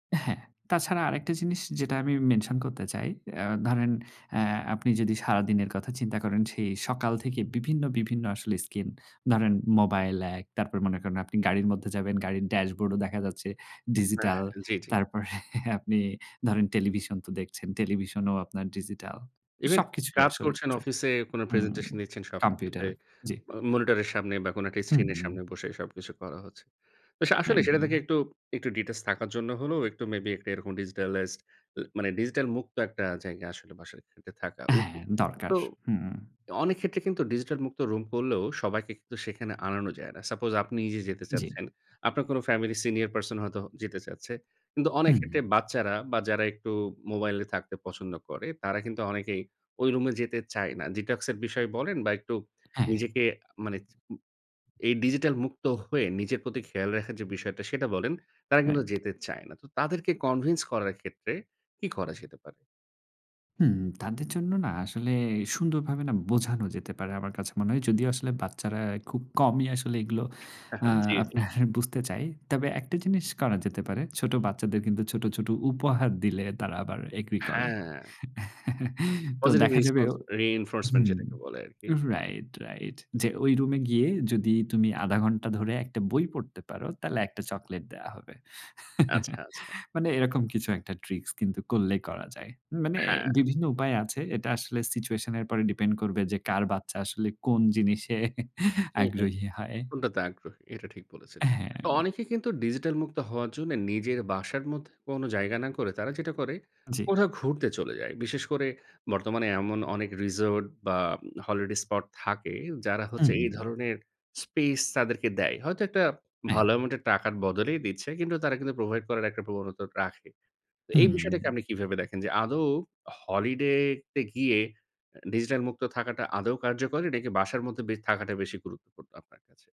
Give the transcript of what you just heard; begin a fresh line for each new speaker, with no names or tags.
হ্যাঁ, তাছাড়া আরেকটা জিনিস যেটা আমি মেনশন করতে চাই। অ্যা ধরেন অ্যা আপনি যদি সারাদিনের কথা চিন্তা করেন সেই সকাল থেকে বিভিন্ন, বিভিন্ন আসলে স্কিন, ধরেন মোবাইল এক, তারপর মনে করেন আপনি গাড়ির মধ্যে যাবেন, গাড়ির ড্যাশবোর্ডও দেখা যাচ্ছে
উ হ্যাঁ,
ডিজিটাল
হ্যাঁ, জি, জি।
তারপরে আপনি ধরেন টেলিভিশন তো দেখছেন, টেলিভিশন ও আপনার ডিজিটাল।
ইভেন
সবকিছুই
কাজ
আসলে
করছেন
স্ক্রিন
অফিসে কোনো
হুম,
প্রেজেন্টেশন দিচ্ছেন সবকিছুতে
কম্পিউটার, জি।
আ মনিটরের সামনে বা কোনো একটা স্ক্রিন এর
হুম।
সামনে বসে সবকিছু করা হচ্ছে। [unintelligible] আসলেই সেটা থেকে
একদম।
একটু, একটু ডিটেইলস থাকার জন্য হলেও একটু মেবি একটা এরকম ডিজিটালাইজড ল মানে ডিজিটাল মুক্ত একটা জায়গা আসলে বাসায় থেকে থাকা
হ্যাঁ
উচিত।
দরকার।
তো
হুম।
অনেক ক্ষেত্রে কিন্তু ডিজিটাল মুক্ত রুম করলেও সবাইকে কিন্তু সেখানে আনানো যায় না। সাপোজ আপনি নিজে যেতে
জি।
চাচ্ছেন, আপনার কোনো ফ্যামিলি সিনিয়র পারসন হয়তো যেতে চাচ্ছে। কিন্তু অনেক
হুম।
ক্ষেত্রে বাচ্চারা বা যারা একটু মোবাইলে থাকতে পছন্দ করে তারা কিন্তু অনেকেই ওই রুমে যেতে চায় না। ডিটক্স এর বিষয়ে বলেন বা একটু
হ্যাঁ।
নিজেকে মানে চ এই ডিজিটাল মুক্ত হয়ে নিজের প্রতি খেয়াল রাখার যে বিষয়টা সেটা বলেন তারা কিন্তু
রাইট।
যেতে চায় না। তো তাদেরকে কনভিন্স করার ক্ষেত্রে কি করা যেতে পারে?
হুম। তাদের জন্য না আসলে সুন্দরভাবে না বোঝানো যেতে পারে আমার কাছে মনে হয়। যদিও আসলে বাচ্চারা খুব কমই আসলে এগুলো আ
জি, জি।
আপনার বুঝতে চায়। তবে একটা জিনিস করা যেতে পারে। ছোট বাচ্চাদের কিন্তু ছোট, ছোট উপহার দিলে তারা আবার এগ্রি করে।
হ্যাঁ।
তো
পজিটিভ
দেখা যাবে
রেস্পন্স রিইনফোর্সমেন্ট
হুম।
যেটাকে বলে আরকি।
রাইট, রাইট যে ওই রুমে গিয়ে যদি তুমি ০.৫ ঘন্টা ধরে একটা বই পড়তে পারো তাইলে একটা চকলেট দেয়া হবে।
আচ্ছা, আচ্ছা।
মানে এরকম কিছু একটা ট্রিকস কিন্তু করলেই করা যায়। মানে
হ্যাঁ।
বিভিন্ন উপায় আছে। এটা আসলে সিচুয়েশনের উপরে ডিপেন্ড করবে যে কার বাচ্চা আসলে কোন জিনিসে
হুম, হুম।
আগ্রহী হয়।
কোনটাতে আগ্রহী এটা ঠিক বলেছেন। অ
হ্যাঁ।
অনেকে কিন্তু ডিজিটাল মুক্ত হওয়ার জন্য নিজের বাসার মধ্যে কোনো জায়গা না করে তারা যেটা করে
জি।
কোথাও ঘুরতে চলে যায়। বিশেষ করে বর্তমানে এমন অনেক রিসোর্ট বা হলিডে স্পট থাকে যারা হচ্ছে এই
উম
ধরনের স্পেস তাদেরকে দেয়। হয়তো একটা
অ্যায়
ভালো অ্যামাউন্টের টাকার বদলেই দিচ্ছে। কিন্তু তারা কিন্তু প্রোভাইড করার একটা প্রবণতা রাখে। তো এই
হুম।
বিষয়টাকে আপনি কিভাবে দেখেন যে আদৌ হলিডে তে গিয়ে এ ডিজিটাল মুক্ত থাকাটা আদৌ কার্যকরী নাকি বাসার মধ্যে বে থাকাটা বেশি গুরুত্বপূর্ণ আপনার কাছে?